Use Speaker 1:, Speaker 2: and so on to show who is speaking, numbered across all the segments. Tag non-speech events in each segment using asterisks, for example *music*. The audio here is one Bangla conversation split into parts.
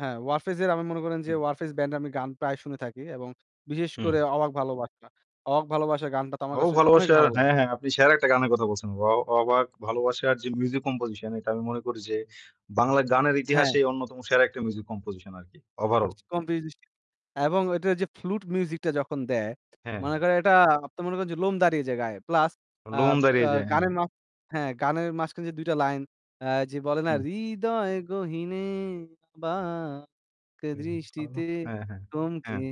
Speaker 1: হ্যাঁ, Warfaze এর আমি মনে করেন যে
Speaker 2: হুম।
Speaker 1: 'Warfaze' band-এর আমি গান প্রায় শুনে থাকি এবং বিশেষ
Speaker 2: হুম।
Speaker 1: করে 'অবাক ভালোবাসা'। 'অবাক ভালোবাসা' গানটা তো আমার
Speaker 2: ও
Speaker 1: কাছে অনেক
Speaker 2: ভালোবাসার
Speaker 1: ভালো লাগে।
Speaker 2: হ্যাঁ, হ্যাঁ, আপনি সেরা একটা গানের কথা বলছেন। ওয়াও অবাক ভালোবাসার যে music composition এটা আমি মনে করি যে বাংলার গানের
Speaker 1: হ্যাঁ।
Speaker 2: ইতিহাসে অন্যতম সেরা একটা music composition আরকি। overall.
Speaker 1: *unintelligible* Composition এবং ওইটার যে flute music-টা যখন দেয়
Speaker 2: হ্যাঁ।
Speaker 1: মানে করেন এটা আপনি মনে করেন যে লোম দাঁড়িয়ে যায় গায়ে। Plus, আ
Speaker 2: লোম দাঁড়িয়ে
Speaker 1: আ
Speaker 2: যায়, হ্যাঁ।
Speaker 1: গানের মাঝ হ্যাঁ, গানের মাঝখানে যে ২ টা লাইন, আ যে বলে না?
Speaker 2: হুম।
Speaker 1: "হৃদয়ে গহীনে অবাক দৃষ্টিতে
Speaker 2: *unintelligible* হ্যাঁ, হ্যাঁ,
Speaker 1: থমকে
Speaker 2: হ্যাঁ।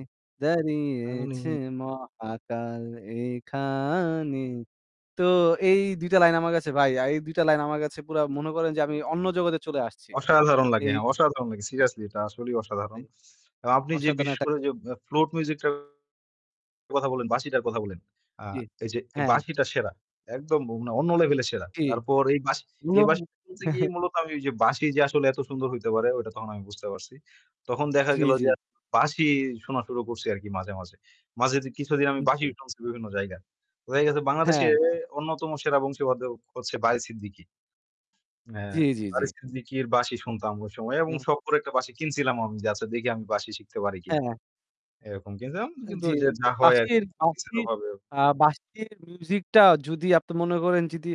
Speaker 1: দাঁড়িয়েছে
Speaker 2: এমনই।
Speaker 1: মহাকাল এখানে।" তো এই ২ টা লাইন আমার কাছে ভাই, এই ২ টা লাইন আমার কাছে পুরা মনে করেন যে আমি অন্য জগতে চলে আসছি।
Speaker 2: অসাধারণ লাগে,
Speaker 1: এই
Speaker 2: হ্যাঁ, অসাধারণ লাগে। Seriously এটা আসলেই অসাধারণ।
Speaker 1: *unintelligible*
Speaker 2: অ্যা আপনি যে
Speaker 1: অসাধারণ
Speaker 2: বিশেষ
Speaker 1: একটা
Speaker 2: করে যে অ্যা flute music টার কথা বলেন, বাঁশিটার কথা বলেন। আ
Speaker 1: জি,
Speaker 2: এই যে এ
Speaker 1: হ্যাঁ।
Speaker 2: বাঁশিটা সেরা, একদম উম অন্য level এ সেরা।
Speaker 1: জি,
Speaker 2: তারপর এই বাঁশি এই
Speaker 1: উনম
Speaker 2: বাঁশি শুনতে গিয়ে
Speaker 1: *chuckles*
Speaker 2: মূলত আমি ওইযে বাঁশি যে আসলে এত সুন্দর হইতে পারে ওইটা তখন আমি বুঝতে পারছি। তখন দেখা
Speaker 1: জি,
Speaker 2: গেল
Speaker 1: জি।
Speaker 2: যে *unintelligible* বাঁশি শোনা শুরু করছি আরকি মাঝে, মাঝে। মাঝে তো কিছুদিন আমি
Speaker 1: উ জি।
Speaker 2: বাঁশিই শুনছি বিভিন্ন জায়গার। ওয়ে গেছে বাংলাদেশে
Speaker 1: হ্যাঁ।
Speaker 2: অন্যতম সেরা বংশীবাদক হচ্ছে বারী সিদ্দিকী। হ্যাঁ,
Speaker 1: জি, জি, জি।
Speaker 2: বারী সিদ্দিকীর বাঁশি শুনতাম ওই সময় এবং
Speaker 1: অ্যা
Speaker 2: সখ করে একটা বাঁশি কিনছিলাম আমি যে আচ্ছা দেখি আমি বাঁশি শিখতে পারি কিনা,
Speaker 1: হ্যাঁ।
Speaker 2: এরকম কিনছিলাম। কিন্তু
Speaker 1: জি।
Speaker 2: ঐযে যা হয়
Speaker 1: বাঁশির
Speaker 2: আরকি।
Speaker 1: বাঁশির,
Speaker 2: *unintelligible*
Speaker 1: আ বাঁশির music-টা যদি আপনি মনে করেন যদি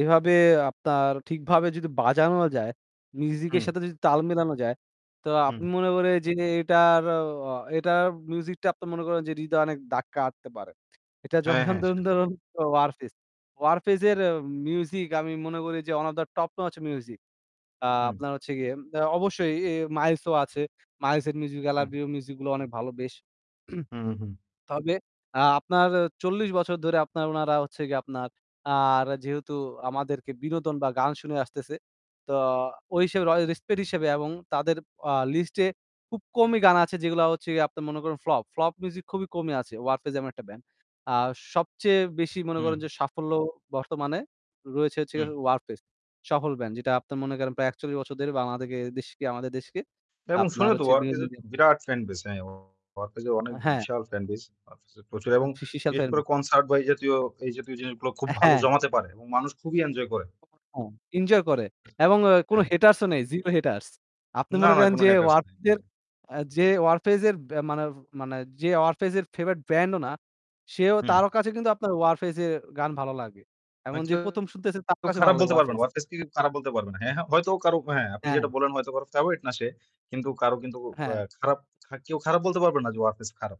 Speaker 1: এভাবে আপনার ঠিকভাবে যদি বাজানো যায়, music-এর
Speaker 2: হুম।
Speaker 1: সাথে যদি তাল মেলানো যায়, তো আপনি
Speaker 2: হু।
Speaker 1: মনে করেন এইযে এটার, এ অ এটার music-টা আপনি মনে করেন যে হৃদয়ে অনেক দাগ কাটতে পারে। এটা
Speaker 2: হ্যাঁ, হ্যাঁ,
Speaker 1: উদাহরণ তো
Speaker 2: সেটাই।
Speaker 1: 'Warfaze'. 'Warfaze' এর music আমি মনে করি যে one of the top notch music. আ
Speaker 2: হু।
Speaker 1: আপনার হচ্ছে গিয়ে অ্যা অবশ্যই এ 'Miles' ও আছে। 'Miles' এর music,
Speaker 2: হ্যাঁ।
Speaker 1: 'LRB' র music গুলো অনেক ভালো, বেশ। *clears throat*
Speaker 2: উহু।
Speaker 1: তবে আ আপনার ৪০ বছর ধরে আপনার উনারা হচ্ছে গিয়ে আপনার আর যেহেতু আমাদেরকে বিনোদন বা গান শুনিয়ে আসতেছে, তো ওই হিসেবে র respect এর হিসেবে এবং তাদের আ list-এ খুব কমই গান আছে যেগুলা হচ্ছে গিয়ে আপনি মনে করেন flop। Flop music খুবই কমই আছে 'Warfaze' এমন একটা band. আর সবচেয়ে বেশি মনে করেন যে
Speaker 2: হু।
Speaker 1: সাফল্য বর্তমানে রয়েছে হচ্ছে গিয়ে
Speaker 2: হুম।
Speaker 1: 'Warfaze'. সফল band যেটা আপনার মনে করেন প্রায় ৪১ বছর ধরেই আমাদেরকে দেশকে আমাদের দেশকে
Speaker 2: এবং
Speaker 1: আপনার
Speaker 2: শুনে তো।
Speaker 1: হচ্ছে
Speaker 2: 'Warfaze'
Speaker 1: বিনোদন
Speaker 2: এর তো
Speaker 1: দিচ্ছে।
Speaker 2: বিরাট fan base. হ্যাঁ অ 'Warfaze' এর অনেক
Speaker 1: আ হ্যাঁ।
Speaker 2: বিশাল fan base. 'Warfaze' এর প্রচুর এবং বিশেষ করে
Speaker 1: *unintelligible*
Speaker 2: concert বা এই জাতীয়, এই জাতীয় জিনিসগুলা খুব
Speaker 1: অ্যা
Speaker 2: ভালো
Speaker 1: হ্যাঁ।
Speaker 2: জমাতে পারে এবং মানুষ খুবই enjoy করে।
Speaker 1: *unintelligible* হ্যাঁ, enjoy করে
Speaker 2: *unintelligible*
Speaker 1: এবং অ্যা কোনো
Speaker 2: হ্যাঁ।
Speaker 1: haters-ও নেই, zero haters. আপনি
Speaker 2: না,
Speaker 1: মনে
Speaker 2: না
Speaker 1: করেন
Speaker 2: কোন
Speaker 1: যে
Speaker 2: haters
Speaker 1: 'Warfaze'
Speaker 2: নাই,
Speaker 1: এর,
Speaker 2: হ্যাঁ।
Speaker 1: অ্যা যে 'Warfaze' এর ব্যা মানে মানে যে 'Warfaze' এর favorite bandও না, সেও
Speaker 2: হুম।
Speaker 1: তারও কাছে কিন্তু আপনার 'Warfaze' এর গান ভালো লাগে।
Speaker 2: মানে
Speaker 1: এমন যে
Speaker 2: কেউ
Speaker 1: ১ম শুনতেছে তার কাছেও
Speaker 2: খারাপ
Speaker 1: ভালো লাগবে
Speaker 2: বলতে পারবে না,
Speaker 1: 'Warfaze'.
Speaker 2: 'Warfaze' কে কেউ খারাপ বলতে পারবে না। হ্যাঁ, হ্যাঁ, হয়তো কারো হ্যাঁ, আপনি
Speaker 1: হ্যাঁ।
Speaker 2: যেটা বলেন হয়তো কারো favorite না সে, কিন্তু কারো কিন্তু
Speaker 1: হ্যাঁ।
Speaker 2: অ্যা খারাপ কেউ খারাপ বলতে পারবে না যে 'Warfaze' খারাপ।